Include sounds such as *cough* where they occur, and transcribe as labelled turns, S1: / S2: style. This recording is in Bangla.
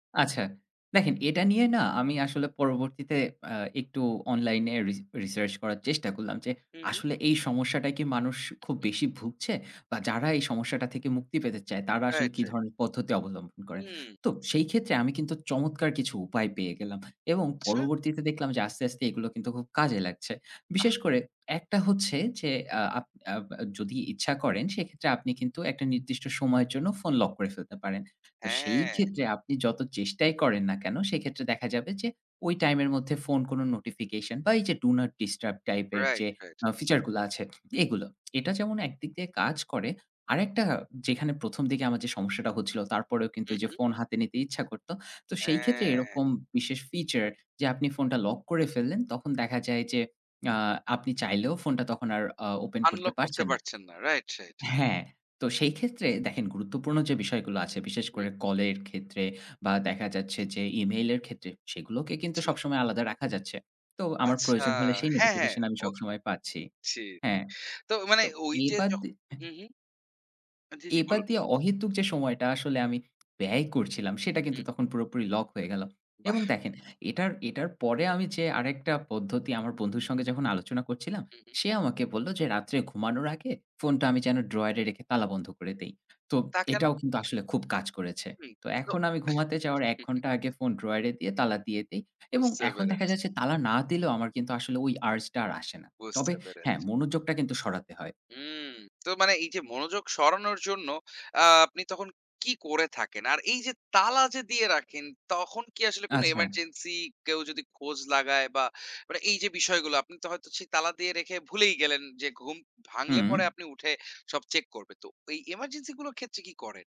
S1: আচ্ছা দেখেন এটা নিয়ে না আমি আসলে পরবর্তীতে অ্যা একটু অনলাইনে রি রিসার্চ করার চেষ্টা করলাম যে
S2: হু, হু।
S1: আসলে এই সমস্যাটায় কি মানুষ খুব বেশি ভুগছে বা যারা এই সমস্যাটা থেকে মুক্তি পেতে চায় তারা আসলে
S2: রাইট,
S1: কি
S2: রাইট।
S1: ধরনের পদ্ধতি অবলম্বন করেন?
S2: হুম।
S1: তো সেই ক্ষেত্রে আমি কিন্তু চমৎকার কিছু উপায় পেয়ে গেলাম। এবং
S2: আচ্ছা।
S1: পরবর্তীতে দেখলাম যে আস্তে, আস্তে এগুলো কিন্তু খুব কাজে লাগছে।
S2: বাহ!
S1: বিশেষ করে একটা হচ্ছে যে আ আপ আপ যদি ইচ্ছা করেন সেক্ষেত্রে আপনি কিন্তু একটা নির্দিষ্ট সময়ের জন্য ফোন লক করে ফেলতে পারেন। তো সেই
S2: হ্যাঁ।
S1: ক্ষেত্রে আপনি যত চেষ্টাই করেন না কেন সেক্ষেত্রে দেখা যাবে যে ওই টাইম এর মধ্যে ফোন কোনো নোটিফিকেশন বা এই যে ডু নট ডিস্টার্ব টাইপ এর
S2: রাইট,
S1: যে
S2: রাইট।
S1: আ ফিচার গুলা আছে এগুলো। এটা যেমন একদিক দিয়ে কাজ করে আরেকটা যেখানে প্রথম দিকে আমার যে সমস্যাটা হচ্ছিল তারপরেও কিন্তু
S2: হুম,
S1: যে
S2: হুম।
S1: ফোন হাতে নিতে ইচ্ছা করত। তো সেই ক্ষেত্রে
S2: হ্যাঁ।
S1: এরকম বিশেষ ফিচার যে আপনি ফোনটা লক করে ফেললেন তখন দেখা যায় যে আ আপনি চাইলেও ফোনটা আর আও ওপেন করতে
S2: আনলক করতে
S1: পারছেন না।
S2: পারছেন না, রাইট, রাইট।
S1: হ্যাঁ, তো সেই ক্ষেত্রে দেখেন গুরুত্বপূর্ণ যে বিষয়গুলো আছে বিশেষ
S2: হুম।
S1: করে কলের ক্ষেত্রে বা দেখা যাচ্ছে যে ইমেইলের ক্ষেত্রে, সেগুলোকে কিন্তু
S2: জি, জি।
S1: সবসময় আলাদা রাখা যাচ্ছে। তো আমার
S2: আচ্ছা
S1: প্রয়োজন হলে সেই
S2: হ্যাঁ, হ্যাঁ
S1: নোটিফিকেশন আমি
S2: ওক।
S1: সবসময় পাচ্ছি।
S2: ছি
S1: হ্যাঁ,
S2: তো মানে
S1: তো
S2: ওই যে
S1: এবার
S2: জ
S1: দি হ্যাঁ।
S2: হুম, হুম। জি, জি
S1: এবার
S2: বলুন, বলুন।
S1: দিয়ে অহেতুক যে সময়টা আসলে আমি ব্যয় করছিলাম সেটা কিন্তু
S2: হুম।
S1: তখন পুরোপুরি লক হয়ে গেলো। এবং
S2: বাহ্‌।
S1: দেখেন এটার, এটার পরে আমি যে আরেকটা পদ্ধতি আমার বন্ধুর সঙ্গে যখন আলোচনা করছিলাম,
S2: হু, হু।
S1: সে আমাকে বললো যে রাত্রে ঘুমানোর আগে ফোনটা আমি যেন ড্রয়ারে রেখে তালা বন্ধ করে দেই। তো
S2: তা কেন?
S1: এটাও কিন্তু আসলে খুব কাজ করেছে।
S2: হুম
S1: তো
S2: তো
S1: এখন আমি ঘুমাতে যাওয়ার ১
S2: *chuckles*
S1: ঘন্টা আগে ফোন ড্রয়ারে দিয়ে তালা দিয়ে দেই। এবং
S2: বুঝতে
S1: এখন দেখা
S2: পেরেছি।
S1: যাচ্ছে তালা না দিলেও আমার কিন্তু আসলে ওই আর্জ টা আর আসে না। তবে
S2: বুঝতে
S1: হ্যাঁ
S2: পেরেছি।
S1: মনোযোগটা কিন্তু সরাতে হয়।
S2: হুম তো মানে এই যে মনোযোগ সরানোর জন্য আ আপনি তখন কি করে থাকেন? আর এই যে তালা যে দিয়ে রাখেন তখন কি আসলে কোনো
S1: আচ্ছা।
S2: এমার্জেন্সি কেউ যদি খোঁজ লাগায় বা মানে এই যে বিষয়গুলা আপনি হয়তো সেই তালা দিয়ে রেখে ভুলেই গেলেন, যে ঘুম ভাঙলে
S1: হুম।
S2: পরে আপনি উঠে সব চেক করবেন। তো এই এমার্জেন্সি গুলোর ক্ষেত্রে কি করেন?